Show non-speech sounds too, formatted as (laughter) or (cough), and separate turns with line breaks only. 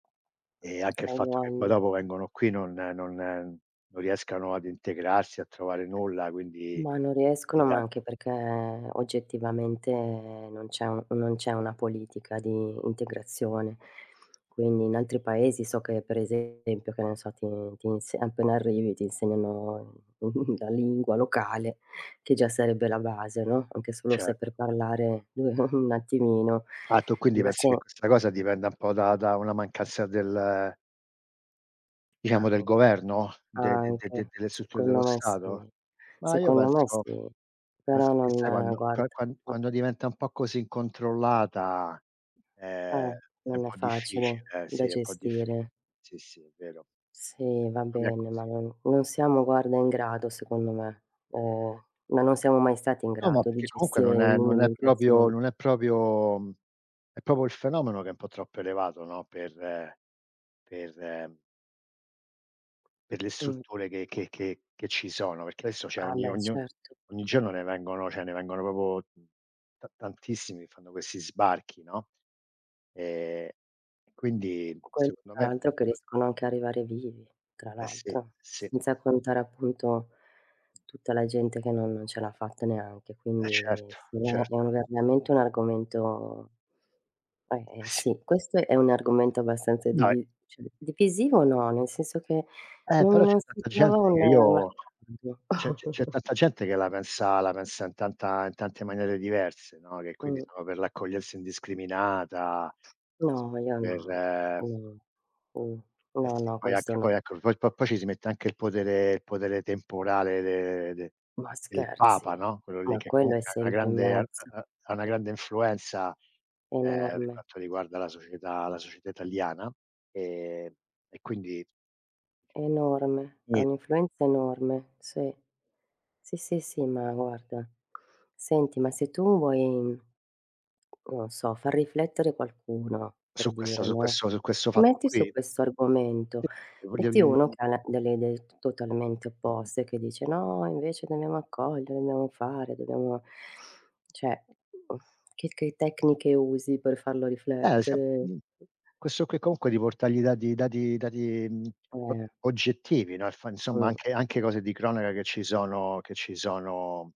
E anche il fatto che poi
(unintelligible)
dopo vengono qui non non non riescano ad integrarsi, a trovare nulla, quindi
Ma non
gli
riescono, ma
dan
anche perché oggettivamente non c'è u non c'è una politica di integrazione. Quindi in altri Paesi so che per esempio che ne so ti ti ins appena arrivi ti insegnano (chuckles) la lingua locale che già sarebbe la base, no, anche solo
Certo.
saper parlare (chuckles) un attimino.
Ah tu quindi
Ma
pensi che
se
questa cosa dipenda un po' da da una mancanza del diciamo del
Anc
governo? De de de de
anche.
delle strutture
Secondo
dello
me
Stato?
sì,
Ma io
secondo me
penso
sì,
penso
però
che, sai,
non
quando qua
guarda
qua quando diventa un po' così incontrollata,
Eh.
ehm, è un
Non è
po'
facile
difficile, eh.
da
Sì è un po' diffi
gestire.
sì, sì, è vero.
Sì, va
Secondo me è
bene,
così.
ma non non siamo, guarda, in grado secondo me. Eh, ma non siamo mai stati in
No, ma
grado, di
perché comunque
gestire
non è non è proprio
l'immigrazione.
non è proprio è proprio il fenomeno che è un po' troppo elevato, no, per per per le
Mh.
strutture che che che che ci sono, perché adesso c'è
Ah,
ogni
beh
ogni
certo.
ogni giorno ne vengono cioè ne vengono proprio ta tantissimi che fanno questi sbarchi, no. Ehm, e quindi
Quel
secondo
tra
me,
l'altro, che
mh
riescono anche a arrivare vivi, tra
Eh sì,
l'altro,
sì.
senza contare appunto, tutta la gente che no non ce l'ha fatta neanche.
Eh,
Quindi
certo,
sì, è è
certo.
veramente un argomento eh,
Eh
eh,
sì.
sì, questo è un argomento abbastanza
No, è
divi cioè, divisivo o no, nel senso che
Eh però
non
c'è
non si
tanta
trova
gente
un
che
un
io
accordo.
c'è c'è c'è
(chuckles)
tanta gente che la pensa la pensa in tanta in tante maniere diverse, no, che quindi
Mh.
sono per l'accoglienza indiscriminata,
No, io
sono
no.
per
Mh.
eh
No,
sì,
no,
poi
questo
anche poi
no.
ecco poi po poi ci si mette anche il potere il potere temporale de de
Ma
del
scherzi,
Papa, no. Quello lì,
ma
che
quello è
comunque ha una
sempre in
grande ha
mezzo.
ha ha una grande influenza, ehm, per
Enorme.
quanto, riguarda la società la società italiana, ehm, e quindi
Enorme, ha
Gni
un'influenza enorme, sì, sì, sì, sì. Ma guarda senti, ma se tu vuoi non so, far riflettere qualcuno per
Su questa
dire,
su
no,
questo su questo fatto
metti su
qui?
questo argomento, metti uno
(unintelligible)
che ha la delle idee totalmente
Mh-mh.
opposte, che dice: "No, invece dobbiamo accogliere, dobbiamo fare, dobbiamo" cioè (lip trill) che che tecniche usi per farlo
Eh, se ha
riflettere?
mhmm, questo qui comunque di portargli dati dati dati, mhmm, o
Eh.
oggettivi, no, e fa insomma
Mh.
anche anche cose di cronaca che ci sono che ci sono